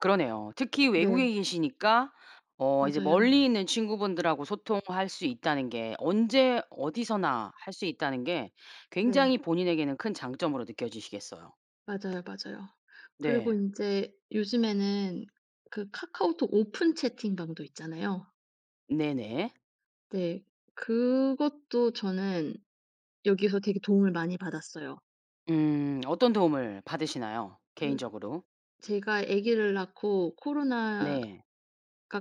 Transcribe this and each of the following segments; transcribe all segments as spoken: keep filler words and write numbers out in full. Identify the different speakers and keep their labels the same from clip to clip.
Speaker 1: 그러네요. 특히
Speaker 2: 네.
Speaker 1: 외국에 계시니까 어 이제
Speaker 2: 맞아요.
Speaker 1: 멀리 있는 친구분들하고 소통할 수 있다는 게 언제 어디서나 할 수 있다는 게
Speaker 2: 네.
Speaker 1: 굉장히 본인에게는 큰 장점으로 느껴지시겠어요.
Speaker 2: 맞아요, 맞아요. 그리고
Speaker 1: 네.
Speaker 2: 인제 요즘에는 그 카카오톡 오픈 채팅방도 있잖아요.
Speaker 1: 네네.
Speaker 2: 네. 그것도 저는 여기서 되게 도움을 많이 받았어요.
Speaker 1: 음. 어떤 도움을 받으시나요?
Speaker 2: 그
Speaker 1: 개인적으로?
Speaker 2: 제가 애기를 낳고 코로나가
Speaker 1: 네.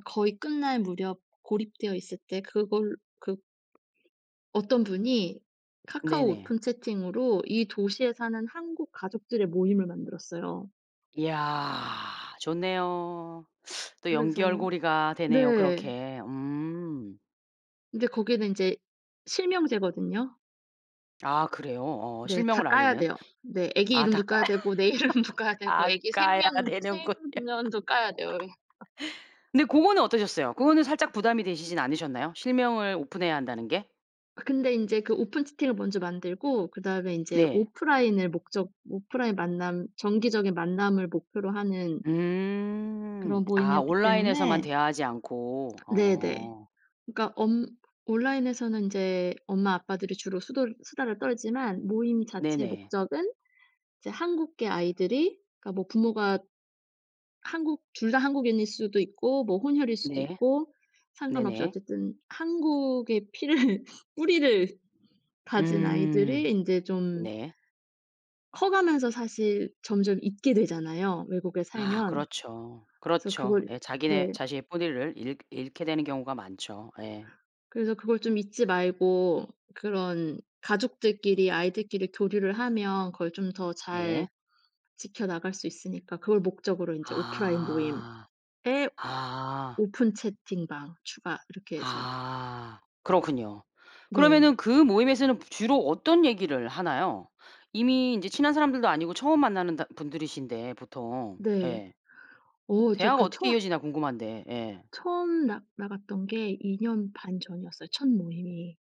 Speaker 2: 거의 끝날 무렵 고립되어 있을 때 그걸 그 어떤 분이 카카오
Speaker 1: 네네.
Speaker 2: 오픈 채팅으로 이 도시에 사는 한국 가족들의 모임을 만들었어요.
Speaker 1: 이야, 좋네요. 또
Speaker 2: 그래서
Speaker 1: 연결고리가 되네요
Speaker 2: 네.
Speaker 1: 그렇게. 음.
Speaker 2: 인제 거기는 인제 실명제거든요.
Speaker 1: 아 그래요? 어
Speaker 2: 네. 다
Speaker 1: 실명을
Speaker 2: 까야
Speaker 1: 알리는.
Speaker 2: 돼요. 네, 애기
Speaker 1: 아, 다
Speaker 2: 이름도
Speaker 1: 까야
Speaker 2: 까야 되고 내 이름도 까야 되고
Speaker 1: 다
Speaker 2: 애기
Speaker 1: 까야
Speaker 2: 생년
Speaker 1: 되는군요.
Speaker 2: 생년도 까야 돼요, 예.
Speaker 1: 근데 고거는 어떠셨어요? 그거는 살짝 부담이 되시진 않으셨나요? 실명을 오픈해야 한다는 게?
Speaker 2: 아 근데 인제 그 오픈 채팅을 먼저 만들고 그다음에 인제
Speaker 1: 네.
Speaker 2: 오프라인을 목적 오프라인 만남, 정기적인 만남을 목표로 하는
Speaker 1: 음.
Speaker 2: 그런
Speaker 1: 아
Speaker 2: 모임이었기
Speaker 1: 온라인에서만
Speaker 2: 때문에
Speaker 1: 대화하지 않고.
Speaker 2: 네네.
Speaker 1: 어.
Speaker 2: 그러니까 엄 온라인에서는 인제 엄마 아빠들이 주로 수돌 수다를 떨지만 모임 자체
Speaker 1: 네네.
Speaker 2: 목적은 이제 한국계 아이들이 그러니까 뭐 부모가 한국 둘 다 한국인일 수도 있고 뭐 혼혈일 수도
Speaker 1: 네.
Speaker 2: 있고 상관없이
Speaker 1: 네네.
Speaker 2: 어쨌든 한국의 피를 뿌리를 가진 아이들이
Speaker 1: 음.
Speaker 2: 인제 좀
Speaker 1: 네.
Speaker 2: 커 가면서 사실 점점 잊게 되잖아요. 외국에
Speaker 1: 아,
Speaker 2: 살면.
Speaker 1: 그렇죠.
Speaker 2: 그래서
Speaker 1: 그렇죠.
Speaker 2: 그걸
Speaker 1: 예. 자기네
Speaker 2: 네.
Speaker 1: 자신의 뿌리를 잃 잃게 되는 경우가 많죠. 예.
Speaker 2: 그래서 그걸 좀 잊지 말고 그런 가족들끼리, 아이들끼리 교류를 하면 그걸 좀 더 잘
Speaker 1: 네.
Speaker 2: 지켜나갈 수 있으니까 그걸 목적으로 인제 오프라인 모임에
Speaker 1: 아. 아.
Speaker 2: 오픈 채팅방 추가 이렇게 해서
Speaker 1: 아. 그렇군요.
Speaker 2: 네.
Speaker 1: 그러면은 그 모임에서는 보 주로 어떤 얘기를 하나요? 이미 인제 친한 사람들도 아니고 처음 만나는 다 분들이신데 보통.
Speaker 2: 네.
Speaker 1: 예.
Speaker 2: 어 저
Speaker 1: 대화가
Speaker 2: 그
Speaker 1: 어떻게
Speaker 2: 처
Speaker 1: 이어지나 궁금한데 예.
Speaker 2: 처음 나 나갔던 게 이 년 반 전이었어요, 첫 모임이.